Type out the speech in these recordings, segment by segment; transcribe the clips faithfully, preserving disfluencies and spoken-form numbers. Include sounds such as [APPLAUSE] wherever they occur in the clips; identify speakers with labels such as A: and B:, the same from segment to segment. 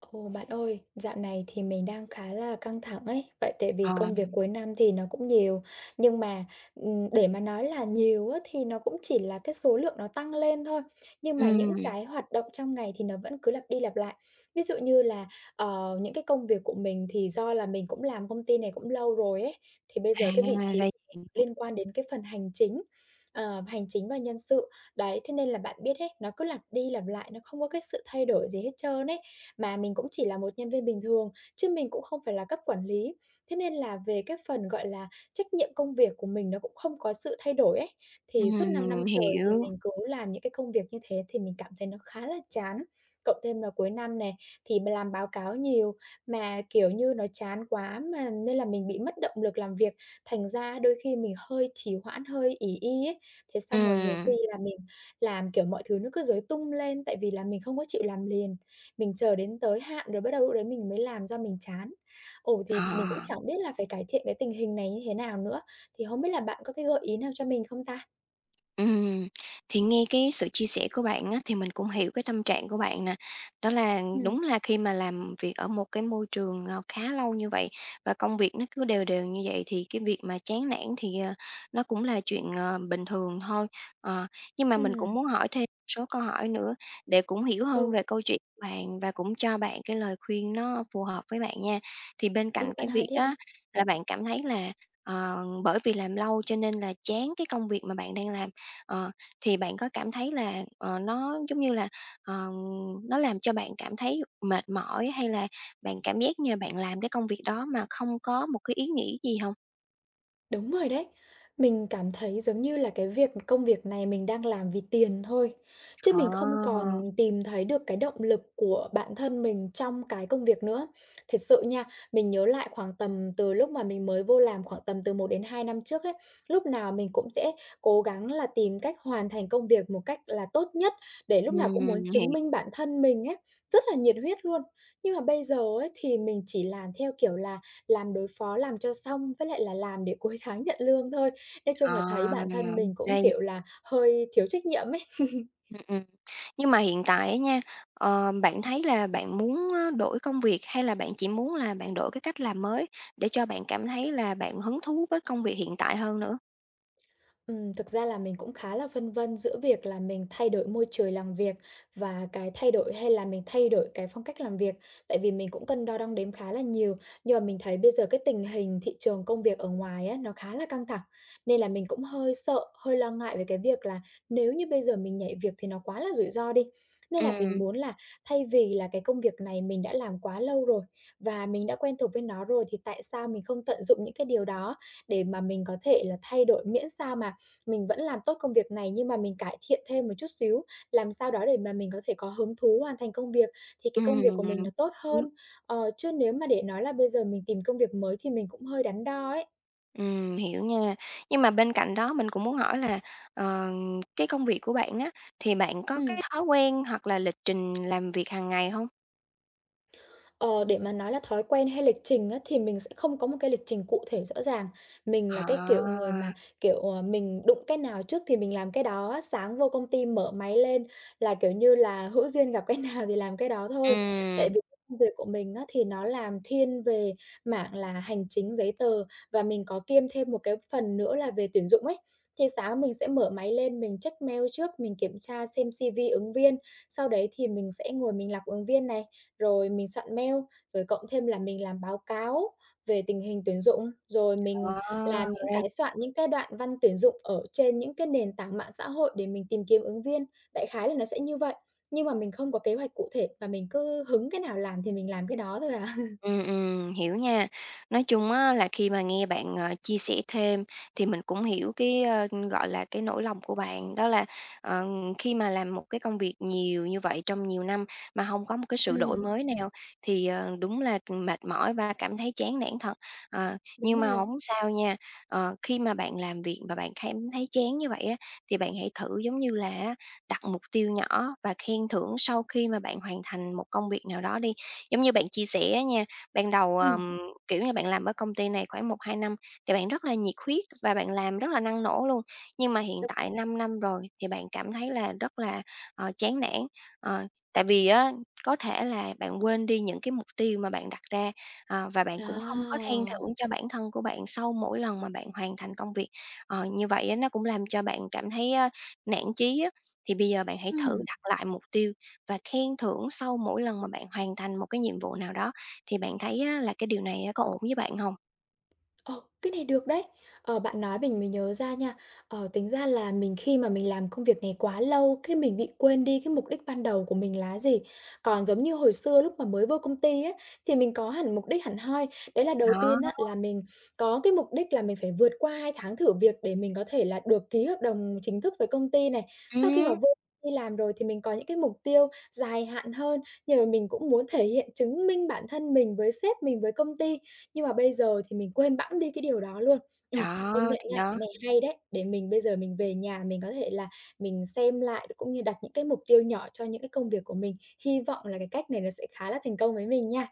A: Ồ, bạn ơi, dạo này thì mình đang khá là căng thẳng ấy, tại tại vì
B: Ờm,
A: công việc
B: mình
A: cuối năm thì nó cũng nhiều, nhưng mà, ừm, để mà nói là nhiều á, thì nó cũng chỉ là cái số lượng nó tăng lên thôi, nhưng mà những
B: Ừm.
A: cái hoạt động trong ngày thì nó vẫn cứ lặp đi lặp lại. Ví dụ như là ờ, những cái công việc của mình thì do là mình cũng làm công ty này cũng lâu rồi ấy, thì bây
B: À,
A: giờ cái vị
B: ra
A: trí
B: vậy. Ừm.
A: liên quan đến cái phần hành chính, ờ, hành chính và nhân sự. Đấy, thế nên là bạn biết ấy, nó cứ lặp đi lặp lại, nó không có cái sự thay đổi gì hết trơn ấy. Mà mình cũng chỉ là một nhân viên bình thường, chứ mình cũng không phải là cấp quản lý, thế nên là về cái phần, gọi là, trách nhiệm công việc của mình nó cũng không có sự thay đổi ấy. Thì suốt năm năm
B: Ừm,
A: trời thì
B: hiểu.
A: mình cứ làm những cái công việc như thế thì mình cảm thấy nó khá là chán, cộng thêm là cuối năm nè, thì mình làm báo cáo nhiều mà, kiểu như, nó chán quá mà, nên là mình bị mất động lực làm việc, thành ra đôi khi mình hơi trì hoãn, hơi ỷ y ấy. Thế xong rồi nhiều khi
B: Ừm.
A: là mình làm, kiểu, mọi thứ nó cứ rối tung lên, tại vì là mình không có chịu làm liền, mình chờ đến tới hạn rồi bắt đầu lúc đấy mình mới làm do mình chán. Ồ, thì mình cũng
B: Ờ.
A: chẳng biết là phải cải thiện cái tình hình này như thế nào nữa, thì không biết là bạn có cái gợi ý nào cho mình không ta?
B: Ừm. Thì nghe cái sự chia sẻ của bạn á, thì mình cũng hiểu cái tâm trạng của bạn nè, đó là
A: Ừm.
B: đúng là khi mà làm việc ở một cái môi trường, ờ, khá lâu như vậy và công việc nó cứ đều đều như vậy, thì cái việc mà chán nản thì, ờ, nó cũng là chuyện, ờ, bình thường thôi. Ờ. Nhưng mà mình cũng
A: Ừm.
B: muốn hỏi thêm một số câu hỏi nữa để cũng hiểu hơn
A: Ừ.
B: về câu chuyện bạn và cũng cho bạn cái lời khuyên nó phù hợp với bạn nha. Thì bên
A: Ừ,
B: cạnh
A: bạn
B: cái
A: hỏi
B: việc
A: đi.
B: á là bạn cảm thấy là, ờ, bởi vì làm lâu cho nên là chán cái công việc mà bạn đang làm, ờ, thì bạn có cảm thấy là, ờ, nó, giống như là, ừm, nó làm cho bạn cảm thấy mệt mỏi hay là bạn cảm giác như là bạn làm cái công việc đó mà không có một cái ý nghĩ gì hông?
A: Đúng rồi đấy, mình cảm thấy giống như là cái việc công việc này mình đang làm vì tiền thôi, chứ
B: Ờ.
A: mình không còn tìm thấy được cái động lực của bản thân mình trong cái công việc nữa. Thiệt sự nha, mình nhớ lại khoảng tầm từ lúc mà mình mới vô làm khoảng tầm từ một đến hai năm trước ấy, lúc nào mình cũng sẽ cố gắng là tìm cách hoàn thành công việc một cách là tốt nhất, để lúc nào cũng
B: Ừm,
A: muốn chứng
B: hiểu.
A: minh bản thân mình ấy, rất là nhiệt huyết luôn. Nhưng mà bây giờ ấy, thì mình chỉ làm theo kiểu là làm đối phó, làm cho xong, với lại là làm để cuối tháng nhận lương thôi. Nói chung là thấy
B: Ờ,
A: bản thân mình cũng,
B: ra v
A: kiểu là, hơi thiếu trách nhiệm ấy. [CHUCKLES]
B: Ừm, ừm, nhưng mà hiện tại á nha, ờ, bạn thấy là bạn muốn, ơ, đổi công việc hay là bạn chỉ muốn là bạn đổi cái cách làm mới? Để cho bạn cảm thấy là bạn hứng thú với công việc hiện tại hơn nữa.
A: Ừm, thực ra là mình cũng khá là phân vân giữa việc là mình thay đổi môi trời làm việc và cái thay đổi hay là mình thay đổi cái phong cách làm việc, tại vì mình cũng cân đo đong đếm khá là nhiều. Nhưng mà mình thấy bây giờ cái tình hình thị trường công việc ở ngoài á, nó khá là căng thẳng, nên là mình cũng hơi sợ, hơi lo ngại về cái việc là nếu như bây giờ mình nhảy việc thì nó quá là rủi ro đi. Nên là mình
B: Ừm.
A: muốn là thay vì là cái công việc này mình đã làm quá lâu rồi và mình đã quen thuộc với nó rồi, thì tại sao mình không tận dụng những cái điều đó để mà mình có thể là thay đổi, miễn sao mà mình vẫn làm tốt công việc này nhưng mà mình cải thiện thêm một chút xíu, làm sao đó để mà mình có thể có hứng thú hoàn thành công việc, thì cái công việc của
B: Ừm.
A: mình nó tốt hơn.
B: [UNINTELLIGIBLE]
A: Ờ, chứ nếu mà để nói là bây giờ mình tìm công việc mới thì mình cũng hơi đắn đo ấy.
B: Ừm, hiểu nha. Nhưng mà bên cạnh đó mình cũng muốn hỏi là, ờm, cái công việc của bạn á, thì bạn có cái
A: Ừm.
B: thói quen hoặc là lịch trình làm việc hằng ngày hông?
A: Ờ, để mà nói là thói quen hay lịch trình á, thì mình sẽ không có một cái lịch trình cụ thể rõ ràng, mình là
B: Ờ.
A: cái kiểu người mà, kiểu, ờ, mình đụng cái nào trước thì mình làm cái đó á. Sáng vô công ty mở máy lên là, kiểu như là, hữu duyên gặp cái nào thì làm cái đó thôi, tại
B: Ừm.
A: vì [UNINTELLIGIBLE] việc của mình á thì nó làm thiên về mảng là hành chính, giấy tờ và mình có kiêm thêm một cái phần nữa là về tuyển dụng ấy. Thì sáng mình sẽ mở máy lên mình check mail, trước mình kiểm tra xem C-V ứng viên, sau đấy thì mình sẽ ngồi mình lọc ứng viên này, rồi mình soạn mail rồi cộng thêm là mình làm báo cáo về tình hình tuyển dụng, rồi
B: Ờ,
A: mình làm những
B: ra
A: cái soạn những cái đoạn văn tuyển dụng ở trên những cái nền tảng mạng xã hội để mình tìm kiếm ứng viên. Đại khái là nó sẽ như vậy, nhưng mà mình không có kế hoạch cụ thể và mình cứ hứng cái nào làm thì mình làm cái đó thôi à. [CHUCKLES]
B: Ừm, ừm, hiểu nha. Nói chung á, là khi mà nghe bạn, ờ, chia sẻ thêm thì mình cũng hiểu cái, ơ, gọi là, cái nỗi lòng của bạn, đó là, ừm, khi mà làm một cái công việc nhiều như vậy trong nhiều năm mà hông có một cái sự đổi
A: Ừm.
B: mới nào thì, ờ, đúng là, ừm, mệt mỏi và cảm thấy chán nản thật. Ờ,
A: Đúng
B: nhưng mà
A: rồi.
B: hổng sao nha. Ờ, khi mà bạn làm việc và bạn cảm thấy chán như vậy á, thì bạn hãy thử giống như là á đặt mục tiêu nhỏ và khen thưởng sau khi mà bạn hoàn thành một công việc nào đó đi. Giống như bạn chia sẻ á nha, ban đầu,
A: Ừm.
B: ờm, kiểu như, bạn làm ở công ty này khoảng một một hai năm thì bạn rất là nhiệt huyết và bạn làm rất là năng nổ luôn, nhưng mà hiện
A: [UNINTELLIGIBLE]
B: tại năm năm rồi thì bạn cảm thấy là rất là, ờ, chán nản, ờ, tại vì á, có thể là bạn quên đi những cái mục tiêu mà bạn đặt ra ờ, và bạn cũng không có khen thưởng
A: A!
B: cho bản thân của bạn sau mỗi lần mà bạn hoàn thành công việc. Ờ, như vậy á nó cũng làm cho bạn cảm thấy, a, nản chí á. Thì bây giờ bạn hãy thử
A: Ừm.
B: đặt lại mục tiêu và khen thưởng sau mỗi lần mà bạn hoàn thành một cái nhiệm vụ nào đó, thì bạn thấy á là cái điều này có ổn với bạn hông?
A: Ờ. cái này được đấy! Ờ, bạn nói mình mới nhớ ra nha, ờ, tính ra là mình khi mà mình làm công việc này quá lâu cái mình bị quên đi cái mục đích ban đầu của mình là cái gì. Còn giống như hồi xưa lúc mà mới vô công ty á, thì mình có hẳn mục đích hẳn hoi, đấy là đầu
B: Đó!
A: tiên á là mình có cái mục đích là mình phải vượt qua hai tháng thử việc để mình có thể là được ký hợp đồng chính thức với công ty này. Sau khi mà
B: Ừm.
A: vô đây làm rồi thì mình có những cái mục tiêu dài hạn hơn, nhưng mà mình cũng muốn thể hiện, chứng minh bản thân mình với sếp mình, với công ty, nhưng mà bây giờ thì mình quên bẵng đi cái điều đó luôn. Ừ, công
B: Đó,
A: nhận
B: thì
A: nha, cái
B: đó.
A: này hay đấy! Để mình bây giờ mình về nhà mình có thể là mình xem lại, đ cũng như đặt những cái mục tiêu nhỏ cho những cái công việc của mình. Hy vọng là cái cách này nó sẽ khá là thành công với mình nha.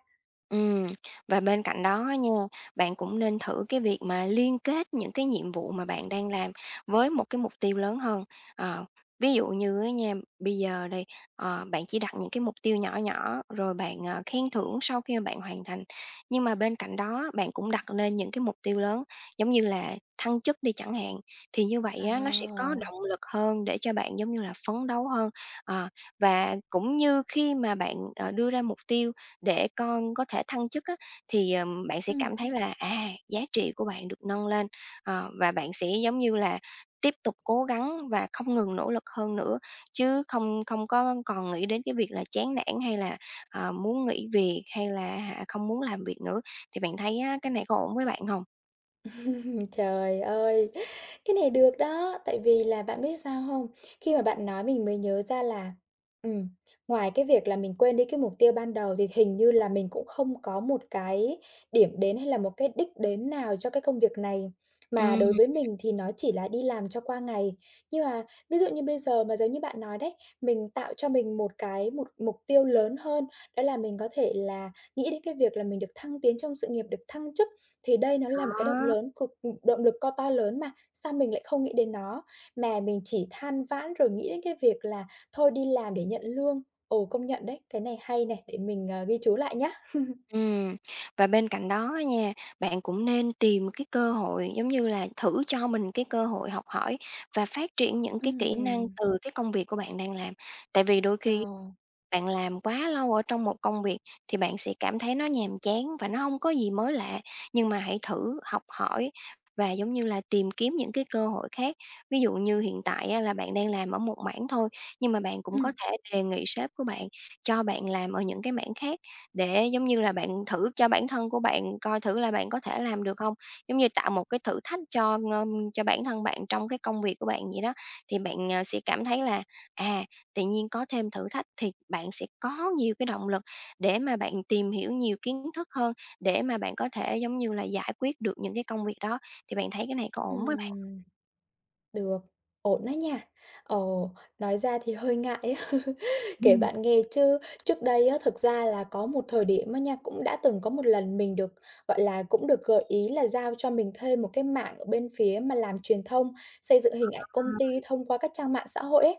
B: Ừm. Và bên cạnh đó á nha, bạn cũng nên thử cái việc mà liên kết những cái nhiệm vụ mà bạn đang làm với một cái mục tiêu lớn hơn. Ờ. Ví dụ như á nha, bây giờ đi, ờ, bạn chỉ đặt những cái mục tiêu nhỏ nhỏ, rồi bạn, ờ, khen thưởng sau khi mà bạn hoàn thành, nhưng mà bên cạnh đó bạn cũng đặt lên những cái mục tiêu lớn giống như là thăng chức đi chẳng hạn, thì như vậy á nó sẽ có
A: À!
B: động lực hơn để cho bạn, giống như là, phấn đấu hơn. Ờ, và cũng như khi mà bạn, ờ, đưa ra mục tiêu để con có thể thăng chức á, thì, ờm, bạn sẽ
A: Ừm.
B: cảm thấy là, à, giá trị của bạn được nâng lên, ờ, và bạn sẽ, giống như là, tiếp tục cố gắng và không ngừng nỗ lực hơn nữa, chứ không không có còn nghĩ đến cái việc là chán nản, hay là, ờ, muốn nghỉ việc hay là á hả không muốn làm việc nữa. Thì bạn thấy á, cái này có ổn với bạn hông?
A: [CHUCKLES] Trời ơi! Cái này được đó, tại vì là bạn biết sao không? Khi mà bạn nói mình mới nhớ ra là, ừm, ngoài cái việc là mình quên đi cái mục tiêu ban đầu thì hình như là mình cũng không có một cái điểm đến hay là một cái đích đến nào cho cái công việc này, mà
B: Ừm.
A: đối với mình thì nó chỉ là đi làm cho qua ngày. Nhưng mà ví dụ như bây giờ mà giống như bạn nói đấy, mình tạo cho mình một cái một mục tiêu lớn hơn đó là mình có thể là nghĩ đến cái việc là mình được thăng tiến trong sự nghiệp, được thăng chức thì đây nó là một cái động
B: Đó.
A: lớn cực, ừm động lực co to lớn mà, sao mình lại không nghĩ đến nó, mà mình chỉ than vãn rồi nghĩ đến cái việc là thôi đi làm để nhận lương. Ồ, công nhận đấy, cái này hay này, để mình, ờ, ghi chú lại nhá. [CHUCKLES]
B: Ừm. Và bên cạnh đó á nha, bạn cũng nên tìm cái cơ hội, giống như là, thử cho mình cái cơ hội học hỏi và phát triển những cái kỹ năng
A: Ừm.
B: từ cái công việc của bạn đang làm, tại vì đôi khi
A: Ờ.
B: bạn làm quá lâu ở trong một công việc thì bạn sẽ cảm thấy nó nhàm chán và nó hông có gì mới lạ. Nhưng mà hãy thử học hỏi và, giống như là, tìm kiếm những cái cơ hội khác. Ví dụ như hiện tại á, là bạn đang làm ở một mảng thôi, nhưng mà bạn cũng có
A: Ừm.
B: thể đề nghị sếp của bạn, cho bạn làm ở những cái mảng khác để, giống như là, bạn thử cho bản thân của bạn coi thử là bạn có thể làm được hông, giống như, tạo một cái thử thách cho, ưm, cho bản thân bạn trong cái công việc của bạn vậy đó. Thì bạn, à, sẽ cảm thấy là, à, tự nhiên có thêm thử thách thì bạn sẽ có nhiều cái động lực để mà bạn tìm hiểu nhiều kiến thức hơn, để mà bạn có thể, giống như là, giải quyết được những cái công việc đó, thì bạn thấy cái này có ổn với bạn?
A: Ừm. Được. Ổn á nha. Ờ, nói ra thì hơi ngại á, [CHUCKLES] kể
B: Ừm.
A: bạn nghe chứ trước đây á, thực ra là có một thời điểm á nha, cũng đã từng có một lần mình được, gọi là, cũng được gợi ý là giao cho mình thêm một cái mảng ở bên phía mà làm truyền thông, xây dựng hình ảnh công ty
B: [UNINTELLIGIBLE]
A: thông qua các trang mạng xã hội ấy,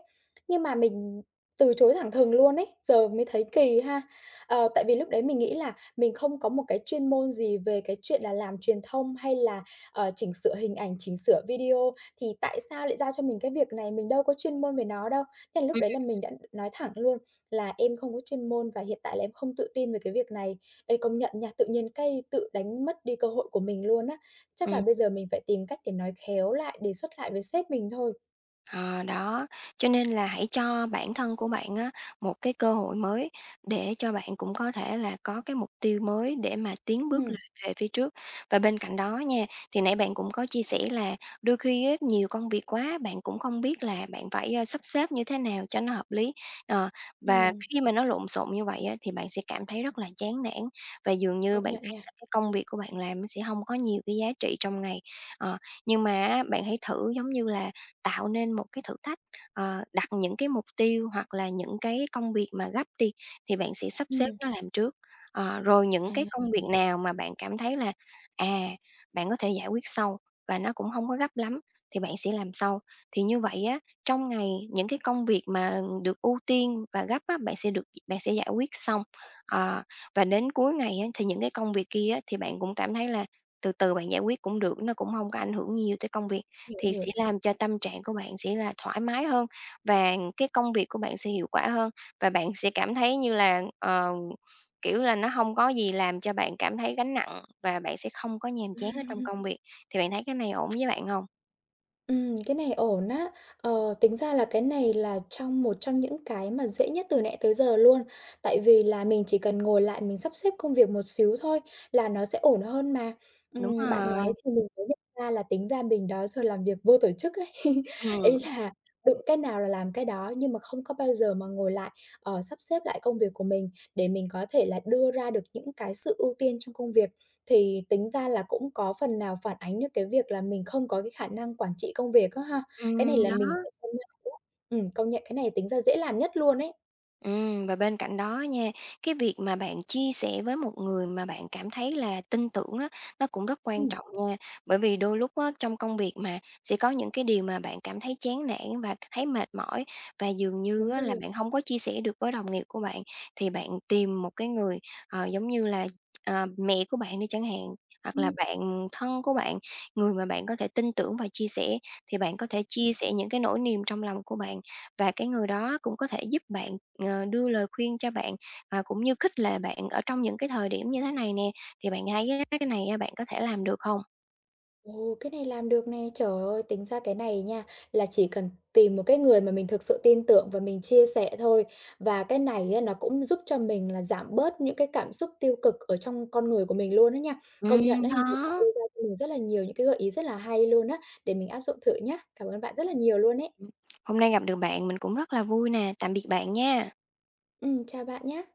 A: nhưng mà mình từ chối thẳng thừng luôn ấy, giờ mới thấy kì ha. Ờ, tại vì lúc đấy mình nghĩ là mình không có một cái chuyên môn gì về cái chuyện là làm truyền thông, hay là, ờ, chỉnh sửa hình ảnh, chỉnh sửa video thì tại sao lại giao cho mình cái việc này? Mình đâu có chuyên môn về nó đâu. Thế là
B: Ừm,
A: lúc đấy là mình
B: [UNINTELLIGIBLE]
A: đã nói thẳng luôn là "Em không có chuyên môn và hiện tại là em không tự tin về cái việc này." Ê, công nhận nha, tự nhiên cái tự đánh mất đi cơ hội của mình luôn á. Chắc là
B: Ừm.
A: bây giờ mình phải tìm cách để nói khéo lại, đề xuất lại với sếp mình thôi.
B: Ờ, đó. Cho nên là hãy cho bản thân của bạn á, một cái cơ hội mới để cho bạn cũng có thể là có cái mục tiêu mới để mà tiến bước
A: Ừm.
B: [UNINTELLIGIBLE] về phía trước. Và bên cạnh đó nha, thì nãy bạn cũng có chia sẻ là đôi khi á nhiều công việc quá, bạn cũng không biết là bạn phải, a, sắp xếp như thế nào cho nó hợp lý, ờ, và
A: Ừm.
B: khi mà nó lộn xộn như vậy á thì bạn sẽ cảm thấy rất là chán nản và dường như
A: Công
B: bạn
A: nhận
B: thấy là
A: nha.
B: cái công việc của bạn làm nó sẽ hông có nhiều cái giá trị trong ngày. Ờ, nhưng mà á bạn hãy thử, giống như là, tạo nên một cái thử thách, ờ, đặt những cái mục tiêu hoặc là những cái công việc mà gấp đi thì bạn sẽ sắp xếp
A: Ừm.
B: nó làm trước. Ờ, rồi những
A: À,
B: cái công việc
A: [UNINTELLIGIBLE]
B: nào mà bạn cảm thấy là, à, bạn có thể giải quyết sau và nó cũng hông có gấp lắm thì bạn sẽ làm sau. Thì như vậy á, trong ngày những cái công việc mà được ưu tiên và gấp á, bạn sẽ được bạn sẽ giải quyết xong, ờ, và đến cuối ngày á thì những cái công việc kia á thì bạn cũng cảm thấy là từ từ bạn giải quyết cũng được, nó cũng hông có ảnh hưởng nhiều tới công việc,
A: Hiểu,
B: thì sẽ
A: hiểu.
B: làm cho tâm trạng của bạn sẽ là thoải mái hơn và cái công việc của bạn sẽ hiệu quả hơn, và bạn sẽ cảm thấy như là, ờ, kiểu là, nó hông có gì làm cho bạn cảm thấy gánh nặng và bạn sẽ không có nhàm chán ở trong
A: [CHUCKLES]
B: công việc. Thì bạn thấy cái này ổn với bạn hông?
A: Ừm, cái này ổn á. Ờ, tính ra là cái này là trong một trong những cái mà dễ nhất từ nãy tới giờ luôn. Tại vì là mình chỉ cần ngồi lại mình sắp xếp công việc một xíu thôi là nó sẽ ổn hơn mà.
B: Đúng
A: Ừm, bạn nói
B: rồi.
A: thì mình mới nhận ra là tính ra mình đó giờ làm việc vô tổ chức ấy. [CHUCKLES] Ý
B: Ừm.
A: là đụng cái nào là làm cái đó nhưng mà không có bao giờ mà ngồi lại, ờ, sắp xếp lại công việc của mình để mình có thể là đưa ra được những cái sự ưu tiên trong công việc. Thì tính ra là cũng có phần nào phản ánh được cái việc là mình không có cái khả năng quản trị công việc á ha. Cái này
B: Ừm,
A: là
B: đó.
A: mình phải công nhận, đúng hông? Ừm, công nhận cái này tính ra dễ làm nhất luôn ấy.
B: Ừm, và bên cạnh đó nha, cái việc mà bạn chia sẻ với một người mà bạn cảm thấy là tin tưởng á, nó cũng rất quan
A: Ừm.
B: trọng nha, bởi vì đôi lúc á trong công việc mà sẽ có những cái điều mà bạn cảm thấy chán nản và thấy mệt mỏi, và dường như
A: Đúng
B: á là
A: rồi.
B: bạn hông có chia sẻ được với đồng nghiệp của bạn. Thì bạn tìm một cái người, ờ, giống như là, ờ, mẹ của bạn đi chẳng hạn, hoặc là
A: Ừm.
B: bạn thân của bạn, người mà bạn có thể tin tưởng và chia sẻ thì bạn có thể chia
A: Ừm.
B: sẻ những cái nỗi niềm trong lòng của bạn và cái người đó cũng có thể giúp bạn, ờ, đưa lời khuyên cho bạn, à, cũng như khích lệ bạn ở trong những cái thời điểm như thế này nè, thì bạn thấy cái cái này, a, bạn có thể làm được hông?
A: Ồ! Cái này làm được nè, trời ơi, tính ra cái này nha là chỉ cần tìm một cái người mà mình thực sự tin tưởng và mình chia sẻ thôi và cái này á, nó cũng giúp cho mình là giảm bớt những cái cảm xúc tiêu cực ở trong con người của mình luôn á nha. Công nhận
B: Ừm,
A: á, nhiều bạn
B: đó.
A: đưa ra cho mình rất là nhiều những cái gợi ý rất là hay luôn á, để mình áp dụng thử nhá. Cảm ơn bạn rất là nhiều luôn ấy.
B: Ừm. Hôm nay gặp được bạn, mình cũng rất là vui nè, tạm biệt bạn nha.
A: Ừm, chào bạn nhá.